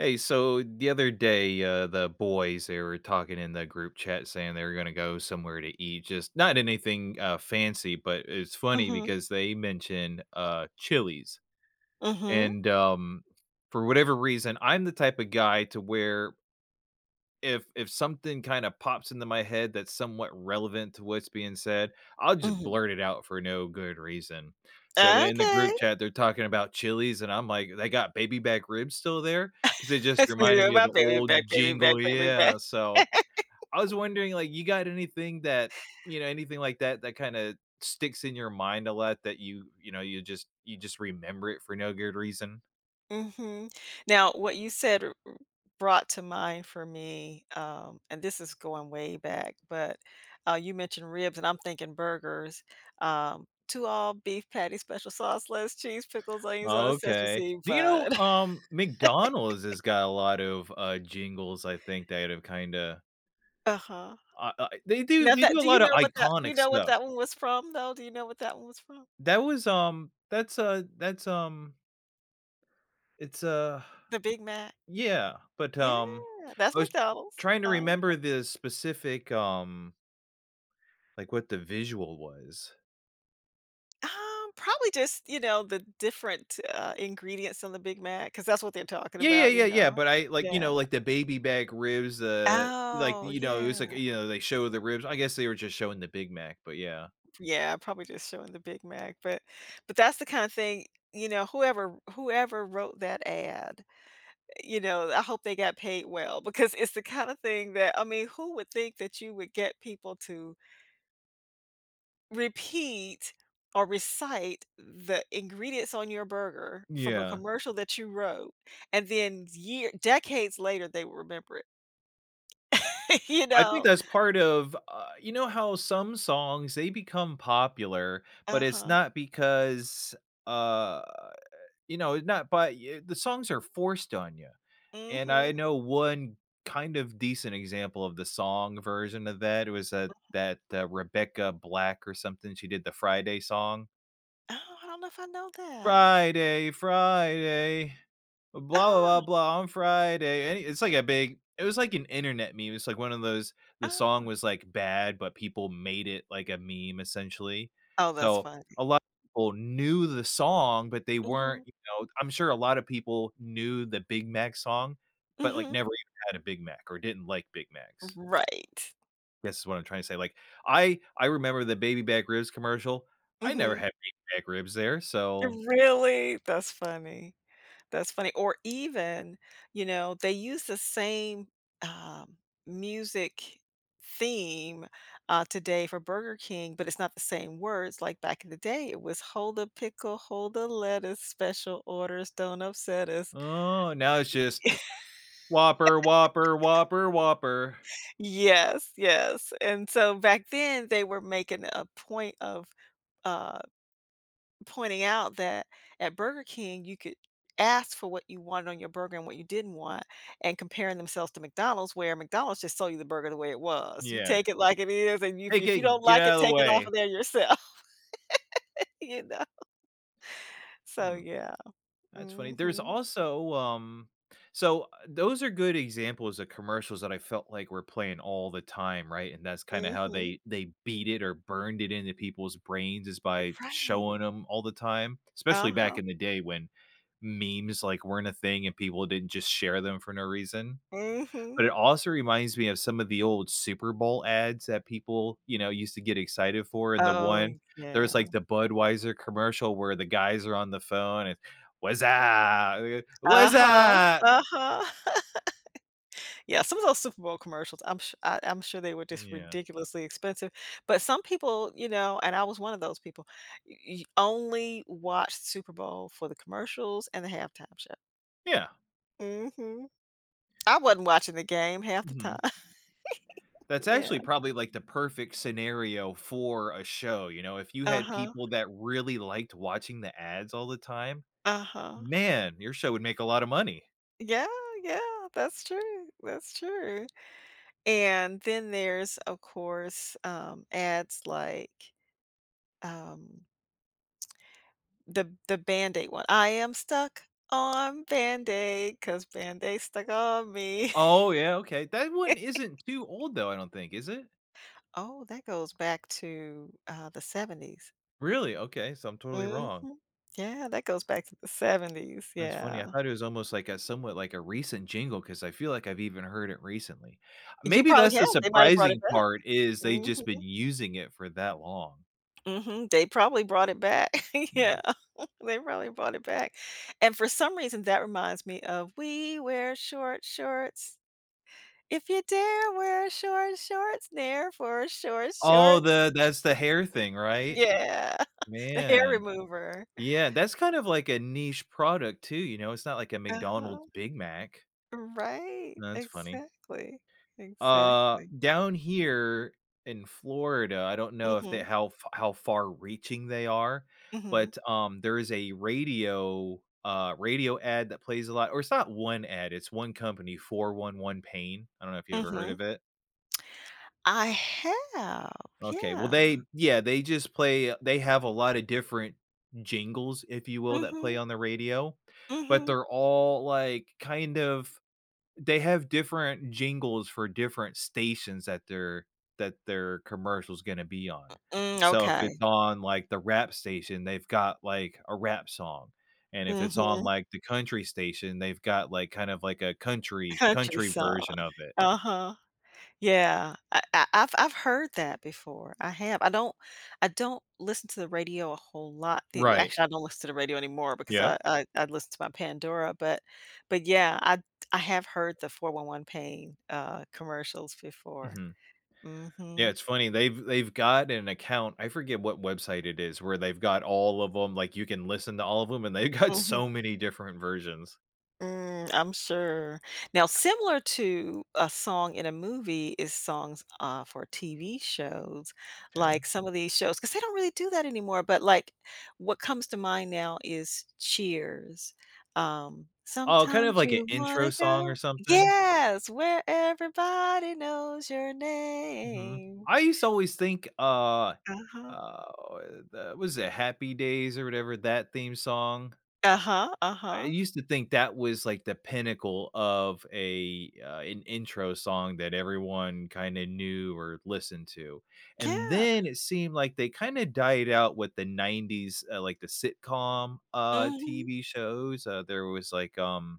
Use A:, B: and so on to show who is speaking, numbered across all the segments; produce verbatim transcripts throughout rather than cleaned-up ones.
A: Hey, so the other day, uh, the boys, they were talking in the group chat saying they were gonna go somewhere to eat, just not anything, uh, fancy, but it's funny
B: Mhm.
A: because they mention, uh, Chili's.
B: Mhm.
A: And, um, for whatever reason, I'm the type of guy to where if if something kinda pops into my head that's somewhat relevant to what's being said, I'll just
B: Mhm.
A: blurt it out for no good reason. So then, in the group
B: Okay.
A: chat, they're talking about Chili's, and I'm like, "They got baby back ribs still there?" 'Cause they just
B: Give
A: reminded
B: me
A: me of
B: my
A: the
B: baby back,
A: old
B: baby back,
A: jingle,
B: baby
A: yeah,
B: back.
A: so I was wondering, like, you got anything that, you know, anything like that, that kinda sticks in your mind a lot that you, you know, you just you just remember it for no good reason?
B: Mhm, now, what you said, r r brought to mind for me, um, and this is going way back, but, uh, you mentioned ribs, and I'm thinking burgers. Um, two all-beef patties, special sauce, lettuce, cheese, pickles, onions, on a sesame
A: Okay.
B: seed
A: Do you know,
B: bun.
A: um, McDonald's has got a lot of, uh, jingles, I think, that have kinda
B: Uh-huh.
A: ah i they do
B: Now
A: they do
B: that
A: a
B: do you
A: lot of
B: know what that do you
A: iconic
B: know what
A: stuff.
B: that one was from, though? Do you know what that one was from?
A: That was, um, that's a that's, um It's a
B: The Big Mac?
A: yeah. But,
B: Yeah,
A: um,
B: that's
A: I was tr
B: McDonald's,
A: trying to
B: uh-huh.
A: remember the specific, um like, what the visual was.
B: Um, probably just, you know, the different, uh, ingredients on the Big Mac, 'cause that's what they're talking
A: Yeah, yeah,
B: about, you
A: yeah, yeah,
B: know?
A: but I like, you
B: Yeah.
A: know, like, the baby back ribs, uh, like,
B: Oh,
A: you know, it was like
B: yeah.
A: you know, they show the ribs I guess they were just showing the Big Mac, but yeah.
B: Yeah, probably just showing the Big Mac, but but that's the kinda thing, y you know, whoever whoever wrote that ad, you know, I hope they got paid well, because it's the kind of thing that I mean, who would think that you would get people to repeat or recite the ingredients on your burger from a
A: Yeah.
B: commercial that you wrote and then year decades later, they will remember it. You
A: I think
B: know?
A: that's part of uh, you know how some songs, they become popular, but it's
B: Uh-huh.
A: not because, uh, you know, it not by, eh, the songs are forced on ya, and I
B: Mhm.
A: know one kind of decent example of the song version of that was, uh,
B: [unintelligible]
A: that, uh, Rebecca Black or something, she did the, "Friday" song.
B: Oh, I don't know if I know that.
A: Friday. Friday. Blah, blah,
B: Ah.
A: blah, blah. On Friday. Eh, it's like a big it was like an internet meme, it's like one of those, the song
B: Ah.
A: was, like, bad, but people made it like a meme essentially.
B: Oh, that's
A: So,
B: funny.
A: a lot of people knew the song, but they weren't,
B: Mhm.
A: you know I'm sure a lot of people knew the Big Mac song, but, like,
B: Mhm.
A: never even had a Big Mac, or didn't like Big
B: R
A: Macs.
B: right.
A: Guess is what I'm trying to say, like, I I remember the baby back ribs commercial. I never
B: Mhm.
A: had baby back ribs there, so
B: Really? That's funny. That's funny, or even, you know, they use the same, um, music theme, uh, today for Burger King, but it's not the same words, like, back in the day, it was: Hold the pickle, hold the lettuce, special orders, don't upset us.
A: Oh, and now it's just Whopper, Whopper, Whopper, Whopper.
B: Yes, yes, and so, back then, they were making a point of, uh, pointing out that at Burger King, you could ask for what you want on your burger and what you didn't want and comparing themselves to McDonald's, where McDonald's just sell you the burger the way it was, you
A: Yeah.
B: take it like it is, and y if
A: Hey,
B: if you
A: King,
B: don't
A: get
B: like it,
A: outta the
B: take it off
A: way.
B: of there yourself. You know? So
A: Hmm.
B: yeah.
A: That's funny. There's
B: Mhm.
A: also, um So those are good examples of commercials that I felt like were playing all the time, right? And that's kinda how
B: Mhm.
A: they they beat it or burned it into people's brains is by
B: Right.
A: showing 'em all the time, especially back
B: Uh-huh.
A: in the day when memes, like, weren't a thing and people didn't just share them for no reason.
B: Mhm.
A: But it also reminds me of some of the old Super Bowl ads that people, you know, used to get excited for, and the
B: Oh,
A: one there was,
B: yeah.
A: like, the Budweiser commercial where the guys are on the phone and, "Wuzzup! [unintelligible]
B: Uh-huh,
A: Wuzzup!"
B: uh-huh. Yeah, some of those Super Bowl commercials, I'm su I I'm sure they were
A: Mm,
B: just
A: yeah.
B: ridiculously expensive. But some people, you know- and I was one of those people- y y only watched Super Bowl for the commercials and the halftime show.
A: Yeah.
B: Mhm. I wadn't watching the game half the
A: Mhm.
B: time.
A: That's
B: Yeah.
A: actually probably, like, the perfect scenario for a show, you know, if you had
B: Uh-huh.
A: people that really liked watching the ads all the time?
B: Uh-huh.
A: Man, your show would make a lotta money.
B: Yeah, yeah, that's true, that's true. And then there's, of course, um, ads like, um the the Band-Aid one. I am stuck on Band-Aid 'cause Band-Aid's stuck on me.
A: Oh, yeah. Okay, that one isn't too old, though, I don't think, is it?
B: Oh, that goes back to, uh, the seventies.
A: Really? Okay, so I'm totally wrong.
B: Mhm. Yeah, that goes back to the seventies.
A: That's funny.
B: Yeah.
A: I thought it was almost like a somewhat like a recent jingle 'cause I feel like I've even heard it recently.
B: You
A: Maybe
B: probably
A: that's
B: have.
A: the
B: They might have brought it
A: surprising
B: back.
A: part is they
B: Mhm.
A: just been using it for that long.
B: Mhm. They probably brought it back. Yeah,
A: [unintelligible]
B: they probably brought it back. And for some reason, that reminds me of: We wear short shorts. If you dare wear short shorts, Nair for short
A: Oh,
B: short.
A: the that's the hair thing, right?
B: Yeah, the hair
A: Man,
B: remover.
A: yeah, that's kind of like a niche product too, you know? It's not like a McDonald’s
B: Uh-huh.
A: Big Mac.
B: Right.
A: That's funny.
B: Exactly,
A: Uh,
B: exactly.
A: down here in Florida, I don't know if they
B: Mhm.
A: how f how far reaching they are,
B: Mhm.
A: but, um, there is a radio uh, radio ad that plays a lot or it's not one ad, it's one company, 411 PAIN? I don't know if you ever heard
B: Mhm.
A: of it?
B: I have,
A: Okay, well,
B: yeah.
A: they Yeah, they just play they have a lot of different jingles, if you will, that play
B: Mhm.
A: on the radio, but
B: Mhm.
A: they're all, like, kind of they have different jingles for different stations that their that their commercial's gonna be on.
B: M mm,
A: So, if it's
B: okay.
A: on, like, the rap station, they've got, like, a rap song, and if it's on,
B: Mhm.
A: like, the country station, they've got, like, kind of, like, a country
B: Country
A: country
B: song.
A: version of it.
B: Uh-huh. Yeah. I I I've I've heard that before, I have. I don't I don't listen to the radio a whole lot. The we
A: Right.
B: actually, I don't listen to the radio anymore because
A: Yep.
B: I I I'd listen to my Pandora, but but yeah, I I have heard the 411 PAIN, uh, commercials before.
A: Mhm. Yeah.
B: Mhm.
A: It's funny. They've they've got an account. I forget what website it is where they've got all of ‘em like, you can listen to all of ‘em, and they've got
B: Mhm.
A: so many different versions.
B: Mm, I'm sure. Now similar to a song in a movie is songs, uh, for TV shows,
A: 'Kay.
B: like some of these shows 'cause they don't really do that anymore, but, like, what comes to mind now is Cheers. Um,
A: Oh, kind of
B: "Sometimes
A: like an
B: you
A: intro
B: wanna
A: song or
B: go"
A: something?
B: Yes, "Where everybody knows your
A: Mhm.
B: name."
A: I used to always think, uh,
B: Uh-huh.
A: uh, o the was it Happy Days or whatever, that theme song?
B: Uh-huh,
A: I
B: uh-huh.
A: used to think that was, like, the pinnacle of a, uh an intro song that everyone kinda knew or listened to, and
B: Yeah.
A: then it seemed like they kinda died out with the nineties, uh, like the sitcom, uh,
B: Mhm.
A: TV shows, uh, there was, like, um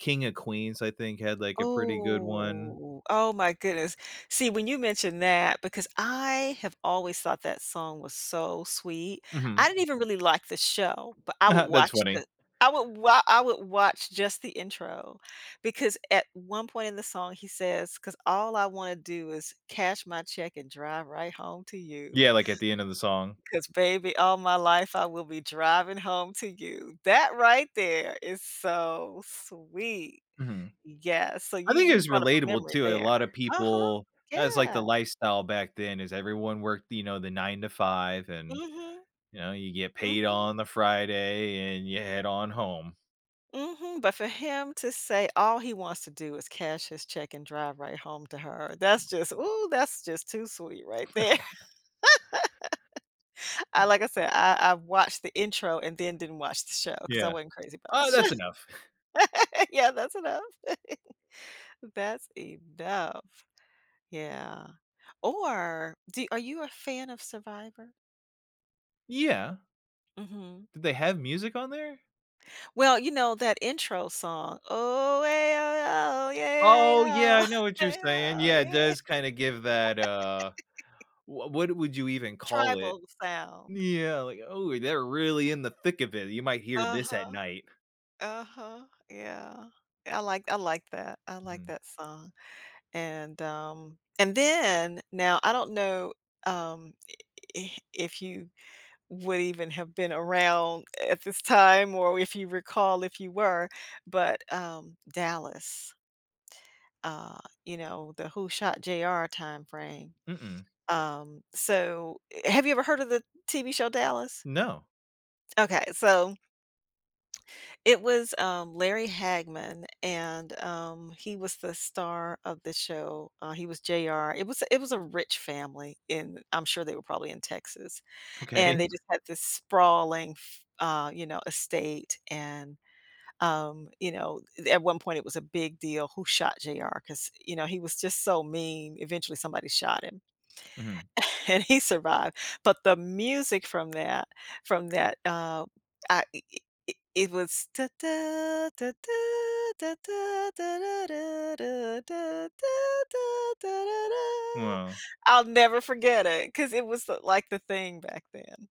A: King of Queens, I think, had, like, a pretty good one.
B: Ooh, oh my goodness. See, when you mentioned that because I have always thought that song was so sweet. I
A: Mhm.
B: didn't even really like the show, but I would
A: That's
B: watch
A: funny.
B: the I would wa I would watch just the intro, because at one point in the song, he says, "'Cause all I wanna do is cash my check and drive right home to you
A: Yeah, like, at the end of the song?
B: ’cause, baby, all my life, I will be driving home to you." That right there is so sweet.
A: Mhm.
B: Yeah, so
A: I
B: you
A: think it
B: you
A: was
B: brought up a
A: relatable
B: memory
A: too, a
B: there.
A: lot of
B: Uh-huh,
A: people that was, like, the
B: yeah.
A: lifestyle back then, is everyone worked, you know, the nine to five, and,
B: Mhm.
A: you know, you get paid
B: Mhm.
A: on the Friday, and you head on home.
B: Mhm. But for him to say all he wants to do is cash his check and drive right home to her, that's just, ooh, that's just too sweet right there. Uh, like I said, I I've watched the intro and then didn't watch the show, 'cause I
A: Yeah.
B: wasn't crazy about the
A: Oh,
B: sho
A: that's enough.
B: Yeah. That's enough. That's enough. Yeah. Or do are you a fan of Survivor?
A: Yeah.
B: Mhm.
A: Did they have music on there?
B: Well, you know, that intro song,
A: Oh, yeah, I know what you're saying. Yeah, it does kinda give that, uh, wha what would you even call it?
B: Tribal sound.
A: Yeah, like, oh, they're really in the thick of it, you might hear this at
B: Uh-huh.
A: night.
B: Uh-huh. Yeah. Yeah, I like I like that. I like
A: Mhm.
B: that song, and, um and then now I don't know, um, i i if you would even have been around at this time or if you recall if you were, but, um, Dallas, uh, you know, the "who shot J.R." time frame.
A: Mm-mm.
B: Um, so, eh have you ever heard of the TV show Dallas?
A: No.
B: Okay, so it was, um, Larry Hagman, and, um, he was the star of the show uh, he was J.R. It was it was a rich family in I'm sure they were probably in Texas, and
A: Okay.
B: they just had this sprawling f uh, you know, estate, and, um, you know, i th at one point, it was a big deal who shot J.R., 'cause, you know, he was just so mean, eventually somebody shot him,
A: Mhm.
B: and he survived. But the music from that from that, um, I i i i it was,
A: Wow.
B: I'll never forget it, 'cause it was the like the thing back then.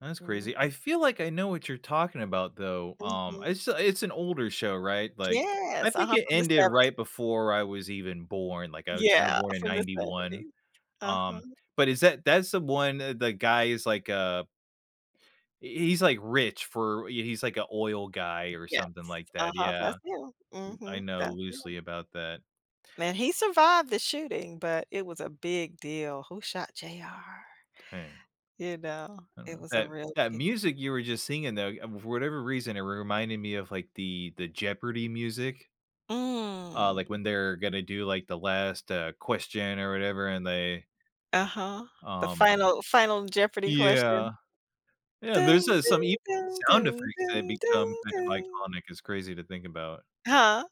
A: Ah, that's crazy. I
B: Mhm.
A: feel like I know what you're talking about, though. Um,
B: Mhm.
A: it's a it's an older show, right? Like, I
B: Yes.
A: think
B: Uh-huh,
A: it
B: from the
A: ended
B: seventy
A: right before I was even born, like, I wicks a
B: Yeah.
A: born in
B: From the
A: ninety one.
B: seventies. Uh-huh.
A: Um, but is that that is the one, uh, the guy is like, uh eh, he he's, like, rich for r yeah, he's like a oil guy or
B: Yes.
A: something like that,
B: Uh-huh, that's
A: yeah.
B: him.
A: I
B: Mhm.
A: know
B: That's him.
A: loosely about that.
B: Man, he survived the shooting, but it was a big deal. "Who shot J.R.?"
A: Dang.
B: You know,
A: I
B: it
A: know.
B: was a
A: That
B: real
A: that
B: big
A: music you were just singing, though, you um, for whatever reason, it re reminded me of, like, the the Jeopardy music. Uh,
B: Mm.
A: like, when they're gonna do, like, the last, uh, question or whatever, and they,
B: Uh-huh. The
A: um
B: final final Jeopardy
A: Yeah.
B: question.
A: Yeah and there's, uh, some e sound effects that become kind of iconic, it's crazy to think about.
B: Huh?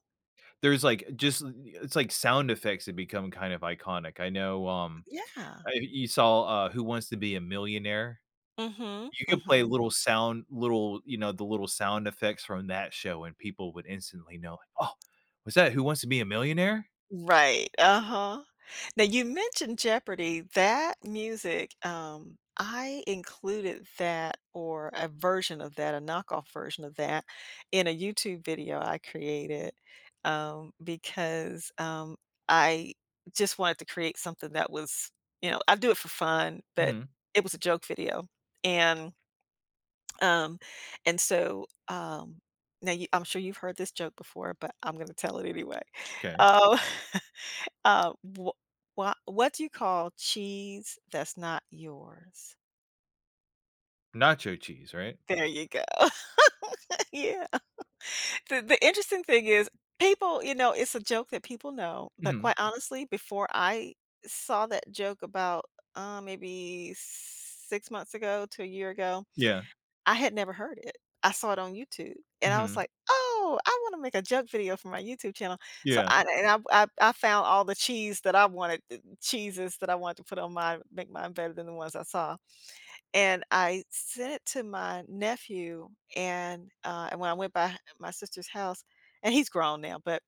A: There's, like, uh, just, eh it's like sound effects that become kind of iconic. I know, um,
B: Yeah.
A: I you saw, uh, Who Wants to Be a Millionaire?
B: Mhm,
A: You could play
B: mhm.
A: little sound little, you know, the little sound effects from that show, and people would instantly know, "Oh, was that, Who Wants to Be a Millionaire?"
B: Right, uh-huh. Now you mentioned Jeopardy, that music, um, I included that or a version of that a knockoff version of that, in a YouTube video I created, um, because, um, I just wanted to create something that was you know I do it for fun, but
A: Mhm.
B: it was a joke video, and, um, and so, um, now you I'm sure you've heard this joke before, but I'm gonna tell it anyway.
A: 'Kay.
B: Um Uh, wha wha what do you call cheese that's not yours?
A: Nacho cheese, right?
B: There you go, yeah. The the interesting thing is, people, you know, it's a joke that people know, but
A: Mhm.
B: quite honestly, before I saw that joke about, uh, maybe six months ago to a year ago,
A: Yeah.
B: I had never heard it. I saw it on YouTube, and I was
A: Mhm.
B: like, "Oh, I want to make a joke video for my YouTube channel,” so
A: Yeah.
B: I and I I I found all the cheese that I wanted the cheeses that I wanted to put on mine, make mine better than the ones I saw. And I sent it to my nephew, and, uh, and when I went by my sister's house- and he's grown now- but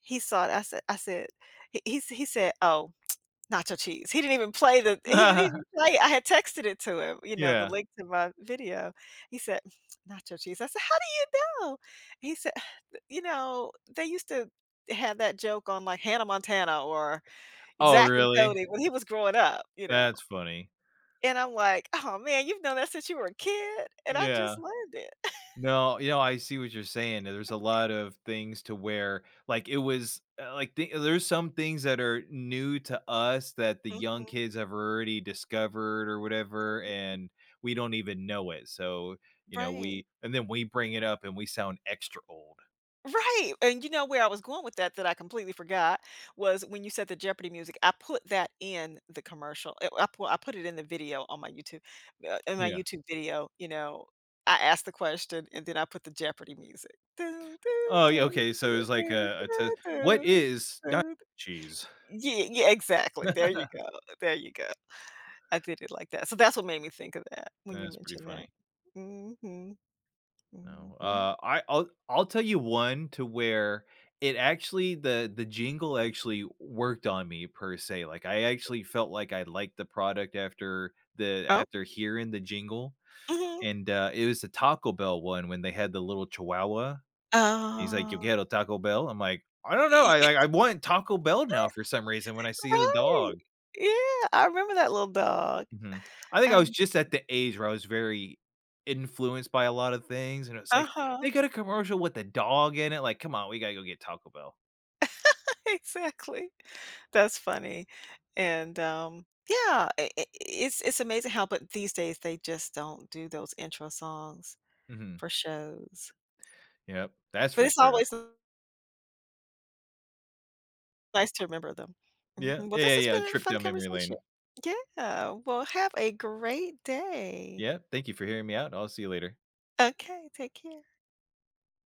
B: he saw it, I said I said h he sa he said, "Oh, nacho cheese." He didn't even play the he didn't even play it, I had texted it to him, you know, the
A: Yeah.
B: link to my video. He said, "Nacho Cheese," I said, "How do you know?" He said, "Eh you know, they used to have that joke on, like, Hannah Montana or
A: Oh,
B: Zack and
A: really?
B: Cody," when he was growing up, you know?
A: That's funny.
B: And I'm like, "Oh man, you've known that since you were a kid and I
A: Yeah.
B: just learned it.”
A: No, you know, I see what you're saying, yeah, there's a lot of things to where, like, it was, eh like, the there's some things that are new to us that the young
B: Mhm.
A: kids have already discovered or whatever,
B: [unintelligible]
A: and we don't even know it, so, you know,
B: Right.
A: we and then we bring it up and we sound extra old.
B: Right, and, you know, where I was going with that, that I completely forgot was when you said the Jeopardy music, I put that in the commercial. I I p I put it in the video on my YouTube, uh, in my
A: Yeah.
B: YouTube video, you know? I asked the question, and then I put the Jeopardy music
A: Oh, yeah, okay, so it was like a a t what is na cheese?
B: Y yeah, yeah exactly, there you go, there you go. I did it like that. So that's what made me think of that when you
A: That's pretty
B: mentioned
A: funny.
B: that. Mhm.
A: No,
B: Mhm.
A: uh, I I'll I'll tell you one to where it actually the the jingle actually worked on me per se, like, I actually felt like I liked the product after the
B: Oh.
A: after hearing the jingle;
B: Mhm.
A: and uh, it was the Taco Bell one when they had the little chihuahua. He's like, “Yo
B: Oh.
A: Quiero Taco Bell?" I'm like, "I don't know." I I I want Taco Bell now for some reason when I see the
B: Right,
A: dog.
B: yeah, I remember that little dog,
A: Mhm, I think I was
B: um
A: just at the age where I was very influenced by a lot of things, and it's like, they
B: Uh-huh.
A: get a commercial with a dog in it. Like, "Come on, we gotta go get Taco Bell."
B: Exactly, that's funny, and, um, yeah, i i it's it's amazing how but these days, they just don't do those intro songs
A: Mhm.
B: for shows.
A: Yep, that's
B: But
A: for
B: it's
A: sure.
B: always nice to remember them.
A: Yeah,
B: Mhm, well,
A: yeah,
B: this
A: yeah,
B: has
A: yeah,
B: been
A: a
B: a
A: trip
B: fun
A: down memory lane.
B: conversation, yeah, well, have a great day.
A: Yeah, thank you for hearing me out, I'll see you later.
B: Okay, take care.